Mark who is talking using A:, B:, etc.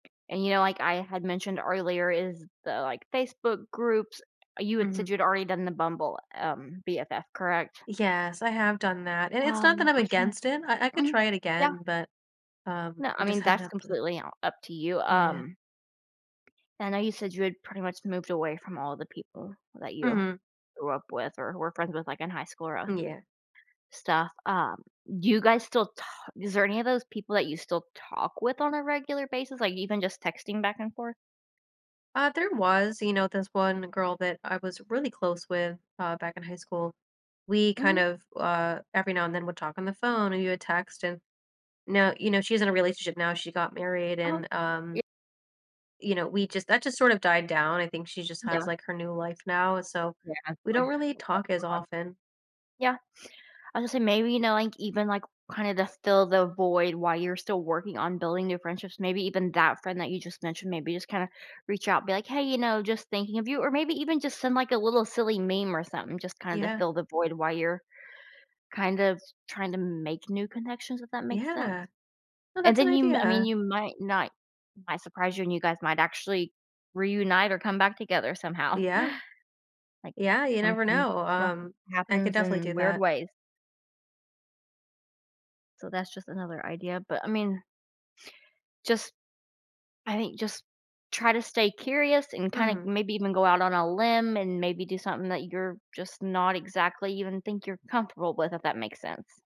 A: And, you know, like I had mentioned earlier is the, like, Facebook groups, uh, you had said
B: Mhm.
A: you'd already done the Bumble, um, BFF, correct?
B: Yes, I have done that, and it's not
A: Um,
B: that I'm
A: I was tryna
B: against it, I I could
A: think. Mhm.
B: try it
A: Yeah.
B: again, but, um,
A: No,
B: we
A: I
B: just
A: mean,
B: haven't
A: that's
B: had the
A: completely on up to you,
B: Yeah.
A: um, I know you had said you pretty much moved away from all the people that you
B: Mhm.
A: grew up with or were friends with, like, in high school or, uh
B: Mm, yeah.
A: stuff, um, do you guys still ta is there any of those people that you still talk with on a regular basis, like even just texting back and forth?
B: Uh, there was, you know, this one girl that I was really close with, uh, back in high school. We kind
A: Mhm.
B: of, uh, every now and then would talk on the phone and we would text and now, you know, she's in a relationship now, she got married
A: Uh-huh.
B: and, um,
A: Ye
B: you know, we just that just sort of died down, I think she just has
A: Yeah.
B: like her new life now, so
A: Yeah, I
B: we don't
A: hear
B: really
A: that one.
B: talk as often.
A: Yeah. I'll just say maybe, you know, like, even, like, kinda the fill the void while you're still working on building new friendships, maybe even that friend that you just mentioned, maybe just kinda reach out, be like, "Hey," you know, "just thinking of you." Or maybe even just send, like, a little silly meme or something, just kinda
B: Yeah.
A: fill the void while you're kind of trying to make new connections, if that makes sense,
B: Yeah. Oh,
A: and
B: that's an
A: then you m I mean,
B: idea.
A: you might not it might surprise you and you guys might actually reunite or come back together somehow.
B: Yeah.
A: Like,
B: Yeah, you never
A: sometimes
B: know,
A: stuff
B: um, I could
A: happens
B: definitely do
A: in weird
B: that.
A: ways. So that's just another idea, but I mean just I think just try to stay curious and kinda
B: Mhm.
A: maybe even go out on a limb and maybe do something that you're just not exactly even think you're comfortable with, if that makes sense.